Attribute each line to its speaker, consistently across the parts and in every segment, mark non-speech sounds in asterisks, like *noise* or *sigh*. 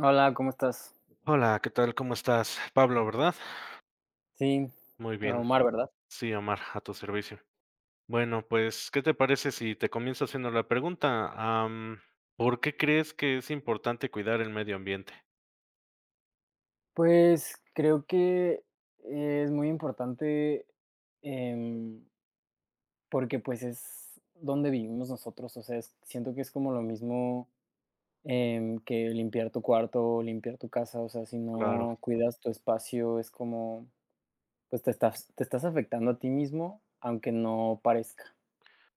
Speaker 1: Hola, ¿cómo estás?
Speaker 2: Hola ¿Que tal? ¿Cómo estás? Pablo. ¿Verdad?
Speaker 1: Sí,
Speaker 2: Muy bien.
Speaker 1: Omar, ¿verdad?
Speaker 2: Sí, Omar, a tu servicio. Bueno, pues, ¿qué te parece si te comienzo haciendo la pregunta? Am, ¿por qué crees que es importante cuidar el medio ambiente?
Speaker 1: Pues, creo que es muy importante, em porque, pues, es donde vivimos nosotros, o sea es, siento que es como lo mismo en que limpiar tu cuarto, limpiar tu casa, o sea, si
Speaker 2: Claro.
Speaker 1: no cuidas tu espacio es como, pues, te estás te estás afectando a ti mismo aunque no parezca.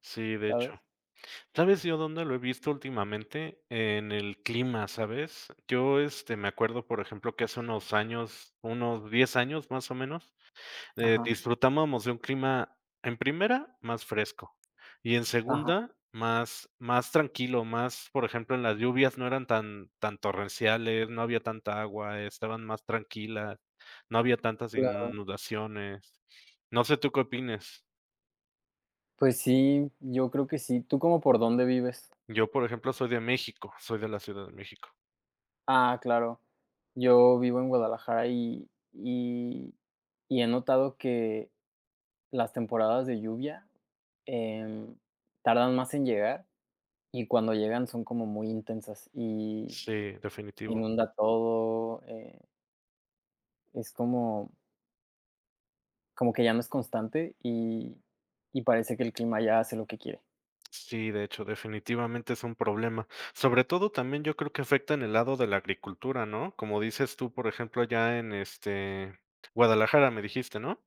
Speaker 2: Sí, de hecho.
Speaker 1: ¿Sabes?
Speaker 2: ¿Sabes yo dónde lo he visto últimamente? En el clima, ¿sabes? Yo, este, me acuerdo, por ejemplo, que hace unos años, unos 10 años, más o menos, eh,
Speaker 1: Ajá.
Speaker 2: disfrutábamos de un clima, en primera, más fresco. Y en
Speaker 1: Ajá.
Speaker 2: segunda, más más tranquilo, más, por ejemplo, en las lluvias no eran tan tan torrenciales, no había tanta agua, estaban más tranquila, no había tantas
Speaker 1: Claro.
Speaker 2: inundaciones. No sé tú, ¿qué opines?
Speaker 1: Pues sí, yo creo que sí, ¿tú como por dónde vives?
Speaker 2: Yo, por ejemplo, soy de México, soy de la Ciudad de México.
Speaker 1: Ah, claro, yo vivo en Guadalajara, y y y he notado que las temporadas de lluvia, eh, tardan más en llegar, y cuando llegan son como muy intensas, y
Speaker 2: Sí, definitivo.
Speaker 1: inunda todo, eh es como como que ya no es constante, y y parece que el clima ya hace lo que quiere.
Speaker 2: Sí, de hecho, definitivamente, es un problema. Sobre todo, también yo creo que afecta en el lado de la agricultura, ¿no?, como dices tú, por ejemplo, allá en, este, Guadalajara, ¿me dijiste, no?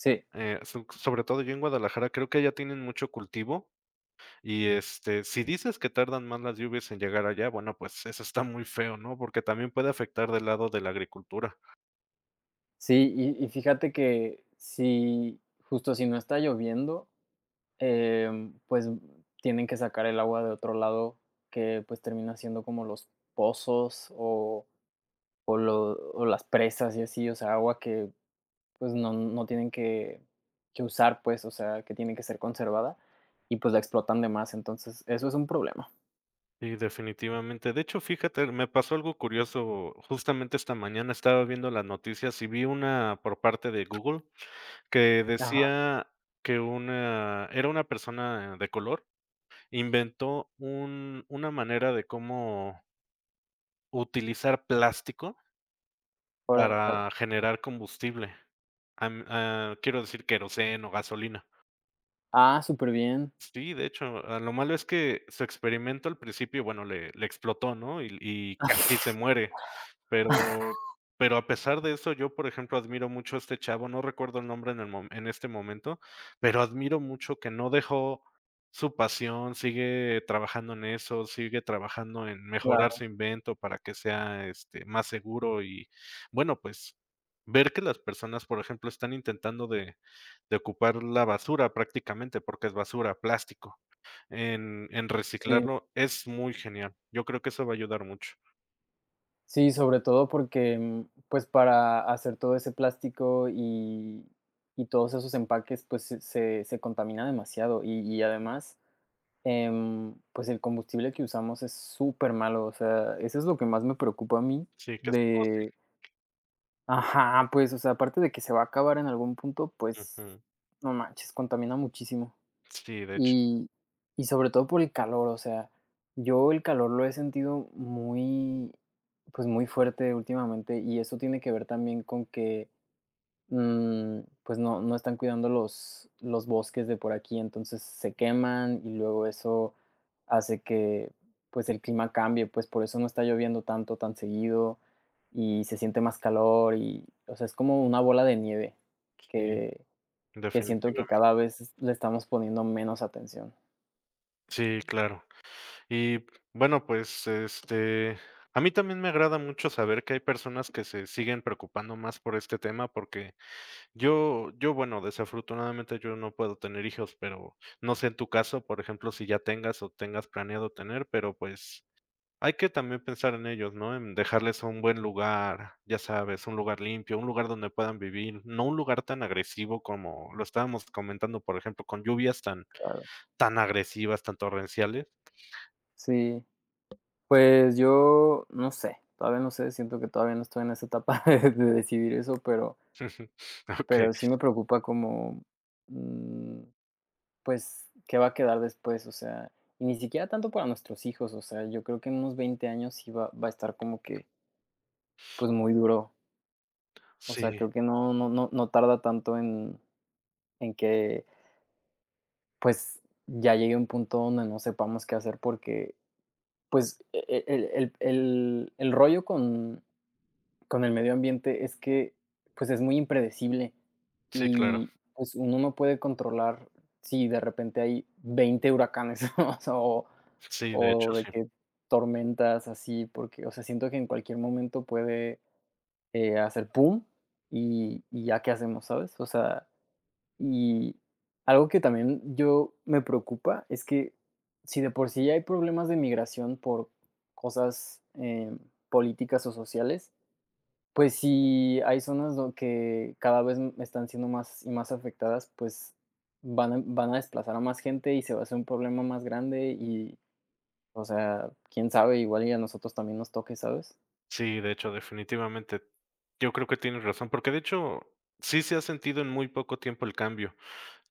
Speaker 1: Sí.
Speaker 2: Eh, su sobre todo yo en Guadalajara creo que allá tienen mucho cultivo y, este, si dices que tardan más las lluvias en llegar allá, bueno, pues, eso está muy feo, ¿no?, porque también puede afectar del lado de la agricultura.
Speaker 1: Sí, y y fíjate que, si, justo, si no está lloviendo, em, pues, tienen que sacar el agua de otro lado que, pues, termina siendo como los pozos, o o lo o las presas y así, o sea, agua que, pues, no no tienen que que usar pues, o sea, que tiene que ser conservada, y pues la explotan de más, entonces, eso es un problema.
Speaker 2: Y definitivamente, de hecho fíjate, er me pasó algo curioso, justamente esta mañana, estaba viendo las noticias, y vi una por parte de Google que
Speaker 1: Ajá.
Speaker 2: decía que una era una persona de color. Inventó un una manera de como utilizar plástico
Speaker 1: Órale.
Speaker 2: para generar combustible. Am, ah, quiero decir queroseno o gasolina.
Speaker 1: Ah, súper bien.
Speaker 2: Sí, de hecho, a lo malo es que su experimento al principio, bueno, le le explotó, ¿no? Y, l y casi se muere. Pero pero a pesar de eso, yo, por ejemplo, admiro mucho a este chavo, no recuerdo el nombre en el mo en este momento, pero admiro mucho que no dejó su pasión, sigue trabajando en eso, sigue trabajando en mejorar
Speaker 1: Claro.
Speaker 2: su invento para que sea, este, más seguro y bueno, pues, ver que las personas, por ejemplo están intentando de de ocupar la basura prácticamente porque es basura, plástico, en en
Speaker 1: Sí.
Speaker 2: reciclarlo es muy genial. Yo creo que eso va a ayudar mucho.
Speaker 1: Sí, sobre todo porque, mm, pues, para hacer todo ese plástico, y, y todos esos empaques, pues, se se se contamina demasiado, y y, además, em, pues, el combustible que usamos es supermalo, o sea, eso es lo que más me preocupa a mí
Speaker 2: Sí, que es todo sí.
Speaker 1: de ajá, pues, o sea, aparte de que se va a acabar en algún punto, pues,
Speaker 2: Ujú.
Speaker 1: no manches, contamina muchísimo.
Speaker 2: Sí, de hech
Speaker 1: Y, y sobre todo por el calor, o sea, yo el calor lo he sentido muy, pues, muy fuerte últimamente, y eso tiene que ver también con que, mm, pues, no no están cuidando los los bosques de por aquí, entonces se queman y luego eso hace que, pues el clima cambie, pues, por eso no está lloviendo tanto, tan seguido, y se siente más calor y, o sea, es como una bola de nieve
Speaker 2: Sí,
Speaker 1: que que siento que
Speaker 2: definitivamen
Speaker 1: cada vez le estamos poniendo menos atención.
Speaker 2: Sí, claro. Y, bueno, pues, este a mí también me agrada mucho saber que hay personas que se siguen preocupando más por este tema porque yo yo bueno, desafortunadamente yo no puedo tener hijos, pero, no sé en tu caso, por ejemplo, si ya tengas o tengas planeado tener, pero, pues, hay que también pensar en ellos, ¿no? En dejarles un buen lugar, ya sabes, un lugar limpio, un lugar donde puedan vivir, no un lugar tan agresivo como lo estábamos comentando, por ejemplo, con lluvias tan
Speaker 1: Claro.
Speaker 2: tan agresivas, tan torrenciales.
Speaker 1: Sí, pues yo, no sé, todavía no sé, siento que todavía no estoy en esa etapa de de decidir eso
Speaker 2: *chuckles* Okey.
Speaker 1: pero sí me preocupa como, mm, pues, ¿qué va a quedar después? O sea, y ni siquiera tanto para nuestros hijos, o sea, yo creo que en unos 20 años sí va va a estar como que pues, muy duro. O sea,
Speaker 2: Sí.
Speaker 1: creo que no no no no tarda tanto en en que pues, ya llegue un punto donde no sepamos qué hacer, porque, pues, e e el el el el rollo con con el medio ambiente es que, pues, es muy impredecible,
Speaker 2: Sí, claro.
Speaker 1: y, pues, uno no puede controlar si de repente, hay 20 huracanes, *chuckles* o
Speaker 2: Sí, de
Speaker 1: o
Speaker 2: hecho,
Speaker 1: de
Speaker 2: sí.
Speaker 1: que tormentas así, porque, o sea, siento que en cualquier momento puede, eh, hacer pum, y y ya qué hacemos, ¿sabes? O sea, y algo que también yo me preocupa es que, si de por sí hay problemas de migración por cosas, em, políticas o sociales, pues, si hay zonas dond que cada vez están siendo más y más afectadas, pues, van a van a desplazar a más gente, y se va a hacer un problema más grande y, o sea, quién sabe, igual y a nosotros también nos toque, ¿sabes?
Speaker 2: Sí, de hecho, definitivamente. Yo creo que tienes razón, porque de hecho, sí se ha sentido en muy poco tiempo el cambio.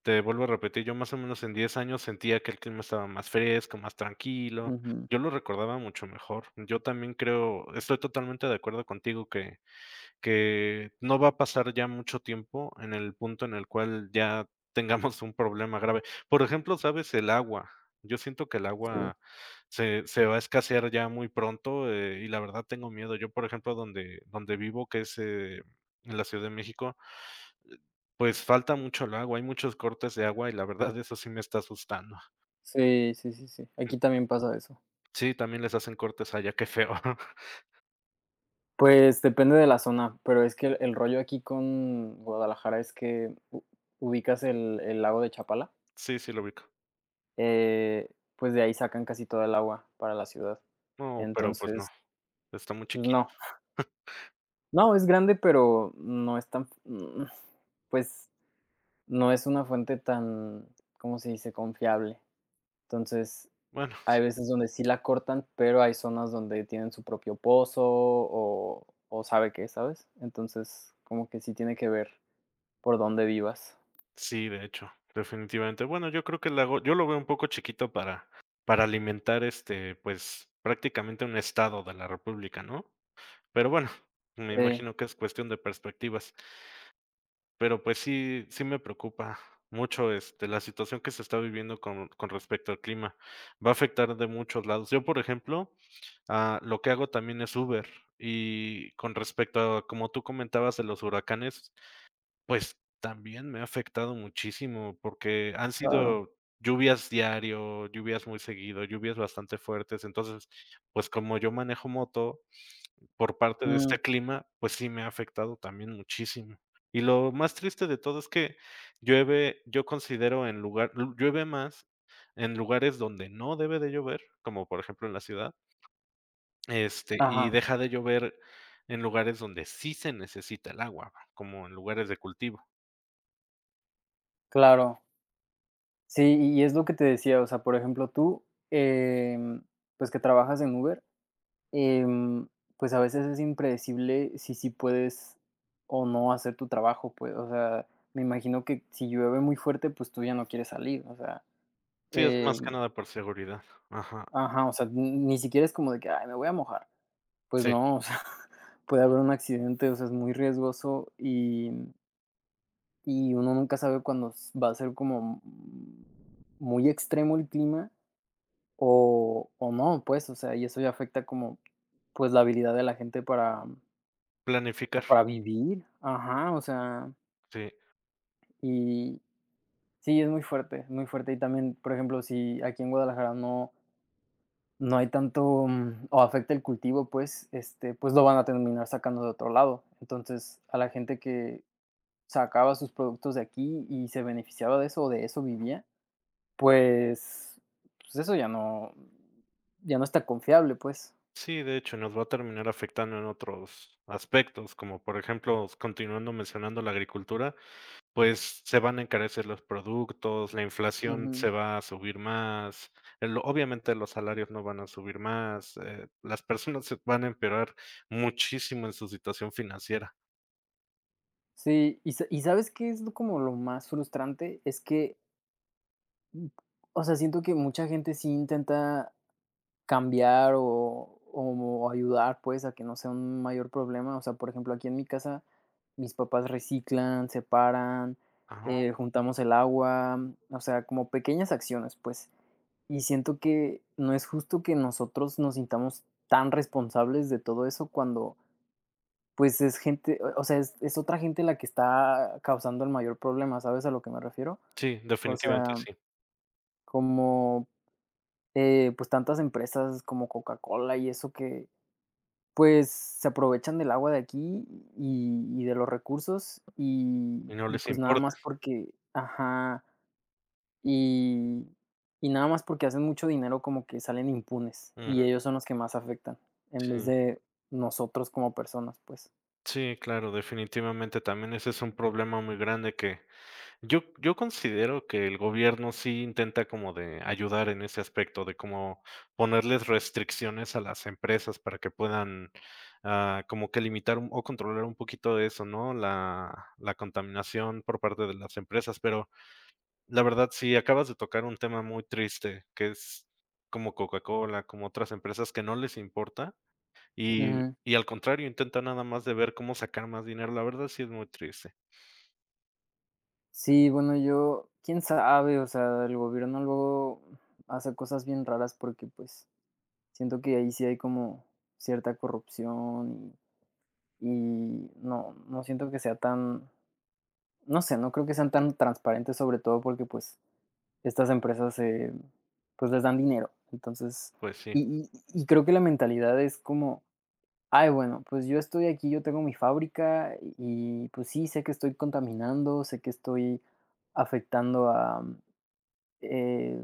Speaker 2: Te vuelvo a repetir, yo más o menos en 10 años sentía que el clima estaba más fresco, más tranquilo,
Speaker 1: Ujú.
Speaker 2: yo lo recordaba mucho mejor. Yo también creo estoy totalmente de acuerdo contigo que que no va a pasar ya mucho tiempo en el punto en el cual ya tengamos un problema grave. Por ejemplo, sabes, el agua, yo siento que el
Speaker 1: Sí.
Speaker 2: agua se se va a escasear ya muy pronto, eh, y la verdad tengo miedo. Yo, por ejemplo, donde donde vivo, que es, eh, en la Ciudad de México, eh, pues, falta mucho el agua, hay muchos cortes de agua y la verdad eso sí me está asustando.
Speaker 1: Sí, sí, sí, sí. Aquí también pasa eso.
Speaker 2: Sí, también les hacen cortes allá, qué feo. *chuckles*
Speaker 1: Pues, depende de la zona, pero es que el el rollo aquí con Guadalajara es que ¿u ubicas el el lago de Chapala?
Speaker 2: Sí, sí lo ubico.
Speaker 1: Eh, pues, de ahí sacan casi toda el agua para la ciudad.
Speaker 2: No, pero, pues, no.
Speaker 1: Entonces
Speaker 2: Está muy
Speaker 1: Pues,
Speaker 2: chiquitos.
Speaker 1: no. *chuckles*
Speaker 2: *chuckles*
Speaker 1: No, es grande, pero no es tan fu mm, pues, no es una fuente tan, ¿cómo se dice? Confiable. Entonces,
Speaker 2: Bueno,
Speaker 1: hay
Speaker 2: sí.
Speaker 1: veces donde sí la cortan, pero hay zonas donde tienen su propio pozo, o o sabe qué, ¿sabes? Entonces, como que sí tiene que ver por dónde vivas.
Speaker 2: Sí, de hecho, definitivamente. Bueno, yo creo que le hago yo lo veo un poco chiquito para para alimentar, este, pues, prácticamente un estado de la república, ¿no? Pero bueno, me
Speaker 1: Sí.
Speaker 2: imagino que es cuestión de perspectivas. Pero, pues, sí, sí me preocupa mucho, este, la situación que se está viviendo con con respecto al clima, va a afectar de muchos lados. Yo, por ejemplo, ah, lo que hago también es Uber, y con respecto a como tú comentabas de los huracanes, pues, también me ha afectado muchísimo, porque han
Speaker 1: Claro.
Speaker 2: sido lluvias diario, lluvias muy seguido, lluvias bastante fuertes. Entonces, pues, como yo manejo moto, por parte de
Speaker 1: Mm.
Speaker 2: este clima, pues sí me ha afectado también muchísimo. Y lo más triste de todo es que llueve, yo considero en lugar llu llueve más en lugares donde no debe de llover, como, por ejemplo, en la ciudad. Este, y
Speaker 1: Ajá.
Speaker 2: deja de llover en lugares donde sí se necesita el agua, va, como en lugares de cultivo.
Speaker 1: Claro. Sí, y y es lo que te decía, o sea, por ejemplo, tú, em, pues, que trabajas en Uber, em, pues, a veces es impredecible si sí puedes o no hacer tu trabajo, pues, o sea, me imagino que si llueve muy fuerte, pues, tú ya no quieres salir, o sea,
Speaker 2: Sí, es
Speaker 1: eh
Speaker 2: más que nada por seguridad. Ajá.
Speaker 1: Ajá, o sea, ni siquiera es como de que: "Ay, me voy a mojar". Pues,
Speaker 2: Sí.
Speaker 1: no, o sea, *chuckles* puede haber un accidente, o sea, es muy riesgoso y y uno nunca sabe cuándo s va a ser como mm muy extremo el clima o o no, pues, o sea, y eso ya afecta como, pues, la habilidad de la gente para pues,
Speaker 2: Planificar.
Speaker 1: para vivir, ajá, o sea
Speaker 2: Sí.
Speaker 1: Y. Sí es muy fuerte, muy fuerte, y también, por ejemplo, si, aquí en Guadalajara no no hay tanto, mm, o afecta el cultivo, pues, este, pues, lo van a terminar sacando de otro lado. Entonces, a la gente que sacaba sus productos de aquí y se beneficiaba de eso, o de eso vivía, pues pues, eso ya no ya no es tan confiable, pues.
Speaker 2: Sí, de hecho, nos va a terminar afectando en otros aspectos, como por ejemplo, s continuando mencionando la agricultura, pues se van a encarecer los productos, la inflación
Speaker 1: Ujú.
Speaker 2: se va a subir más, el obviamente los salarios no van a subir más, eh, las personas se van a empeorar muchísimo en su situación financiera.
Speaker 1: Sí, ¿y y sabes qué es lo como lo más frustrante? Es que o sea, siento que mucha gente sí intenta cambiar o o como ayudar pues, a que no sea un mayor problema. O sea, por ejemplo, aquí en mi casa, mis papás reciclan, separan, eh, juntamos el agua, o sea, como pequeñas acciones, pues, y siento que no es justo que nosotros nos sintamos tan responsables de todo eso cuando, pues, es gente, o eh o sea, es es otra gente la que está causando el mayor problema, ¿sabes a lo que me refiero?
Speaker 2: Sí,
Speaker 1: O
Speaker 2: definitivamente
Speaker 1: sea
Speaker 2: sí.
Speaker 1: como, eh, pues, tantas empresas, como Coca-Cola y eso que, pues, se aprovechan del agua de aquí, y y de los recursos, y
Speaker 2: Y no
Speaker 1: y
Speaker 2: les
Speaker 1: pues nada
Speaker 2: importa.
Speaker 1: más porque ajá, y, y nada más porque hacen mucho dinero, como que salen impunes, y
Speaker 2: Ujú.
Speaker 1: ellos son los que más afectan, en vez
Speaker 2: Sí.
Speaker 1: de nosotros como personas, pues.
Speaker 2: Sí, claro, definitivamente también ese es un problema muy grande que, yo yo considero que el gobierno sí intenta como de, ayudar en ese aspecto, de como ponerles restricciones a las empresas para que puedan, ah, como que limitar un o controlar un poquito de eso, ¿no? La la contaminación por parte de las empresas, pero la verdad, si acabas de tocar un tema muy triste, que es como Coca-Cola, como otras empresas que no les importa, y
Speaker 1: Ujú.
Speaker 2: y al contrario, intentan nada más de ver cómo sacar más dinero, la verdad sí es muy triste.
Speaker 1: Sí, bueno, yo, ¿quién sabe? O sea, el gobierno luego, mm, hace cosas bien raras porque, pues, siento que ahí sí hay como cierta corrupción, y y no no
Speaker 2: *unintelligible*
Speaker 1: siento que sea tan, no sé, no creo que sean tan transparentes, sobre todo porque, pues, estas empresas se pues, les dan dinero. Entonces,
Speaker 2: Pues sí.
Speaker 1: y y y creo que la mentalidad es como: "Ay, bueno, pues yo estoy aquí, yo tengo mi fábrica, y y, pues sí, sé que estoy contaminando, sé que estoy afectando a eh,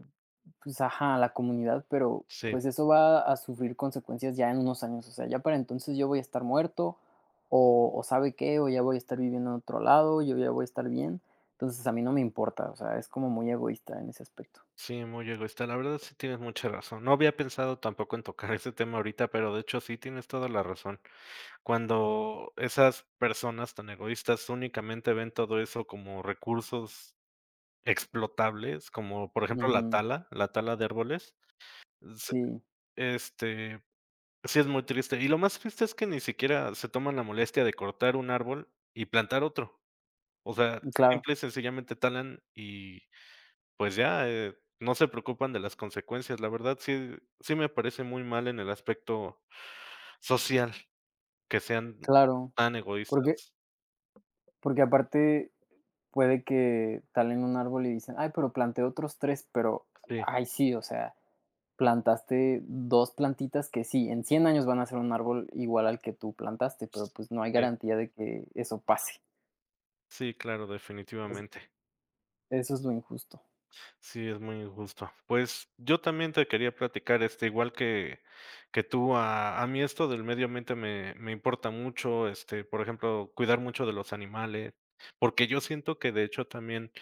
Speaker 1: pues, ajá, a la comunidad, pero,
Speaker 2: Sí.
Speaker 1: pues, eso va a sufrir consecuencias ya en unos años, o sea, ya para entonces yo voy a estar muerto, o o ¿sabe qué? O ya voy a estar viviendo en otro lado, yo ya voy a estar bien. Entonces, a mí no me importa", o sea, es como muy egoísta en ese aspecto.
Speaker 2: Sí, muy egoísta, la verdad, sí tienes mucha razón. No había pensado tampoco en tocar ese tema ahorita, pero de hecho sí tienes toda la razón. Cuando esas personas tan egoístas únicamente ven todo eso como recursos explotables, como por ejemplo la
Speaker 1: Ujú.
Speaker 2: tala, la tala de árboles, se
Speaker 1: Sí.
Speaker 2: este, sí es muy triste, y lo más triste es que ni siquiera se toman la molestia de cortar 1 árbol y plantar otro. O sea,
Speaker 1: Claro.
Speaker 2: simple y sencillamente talan y, pues ya, eh, no se preocupan de las consecuencias. La verdad, sí sí me parece muy mal en el aspecto social. Que sean, m
Speaker 1: Claro,
Speaker 2: tan
Speaker 1: porque
Speaker 2: egoístas.
Speaker 1: porque, aparte, puede que talen 1 árbol y dicen: "Ay, pero planté otros 3", pero,
Speaker 2: Sí.
Speaker 1: ay, sí, o sea, plantaste 2 plantitas que sí, en 100 años van a ser 1 árbol igual al que tú plantaste, pero, pues, no hay
Speaker 2: Sí.
Speaker 1: garantía de que eso pase.
Speaker 2: Sí, claro,
Speaker 1: Eso
Speaker 2: definitivamente.
Speaker 1: Eso es lo injusto.
Speaker 2: Sí, es muy injusto. Pues, yo también te quería platicar, este, igual que que tú, a a mí esto del medio ambiente me me importa mucho. Este, por ejemplo, cuidar mucho de los animales, porque yo siento que, de hecho, también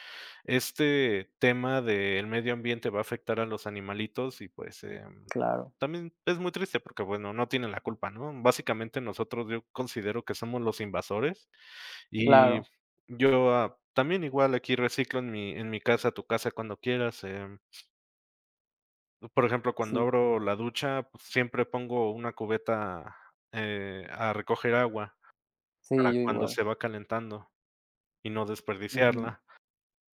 Speaker 2: este tema del medio ambiente va a afectar a los animalitos. Y, pues, em,
Speaker 1: Claro.
Speaker 2: también es muy triste, porque, bueno, no tienen la culpa, ¿no? Básicamente, nosotros, yo considero que somos los invasores. Y
Speaker 1: Claro.
Speaker 2: yo, ah, también igual aquí reciclo en mi en mi casa, tu casa cuando quieras, em Mm, por ejemplo, cuando
Speaker 1: Sí.
Speaker 2: abro la ducha, pues, siempre pongo una cubeta, eh, a recoger agua
Speaker 1: Sí,
Speaker 2: para
Speaker 1: yo
Speaker 2: cuando
Speaker 1: igual.
Speaker 2: se va calentando y no
Speaker 1: Ujú.
Speaker 2: desperdiciarla.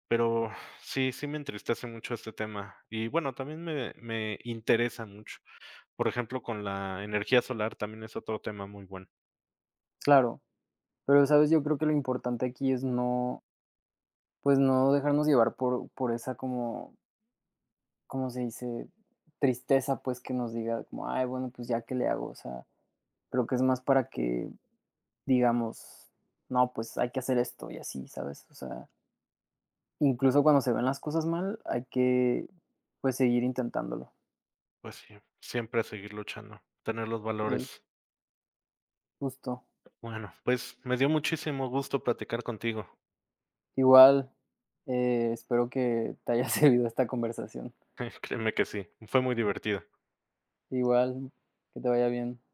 Speaker 2: Pero sí, sí me entristece mucho este tema, y, bueno, también me me interesa mucho. Por ejemplo, con la energía solar también es otro tema muy bueno.
Speaker 1: Claro, pero, ¿sabes? Yo creo que lo importante aquí es no pues, no dejarnos llevar por por esa como ¿cómo se dice? Tristeza, pues, que nos diga como: "Ay, bueno, pues, ya, ¿qué le hago?" O sea, creo que es más para que digamos: "No, pues, hay que hacer esto, y así", ¿sabes? O sea incluso, cuando se ven las cosas mal, hay que, pues, seguir intentándolo.
Speaker 2: Pues sí, siempre a seguir luchando, tener los
Speaker 1: Sí.
Speaker 2: valores.
Speaker 1: Justo.
Speaker 2: Bueno, pues, me dio muchísimo gusto platicar contigo.
Speaker 1: Igual, espero que te haya servido esta conversación.
Speaker 2: *chuckles* Créeme que sí, fue muy divertido.
Speaker 1: Igual, que te vaya bien.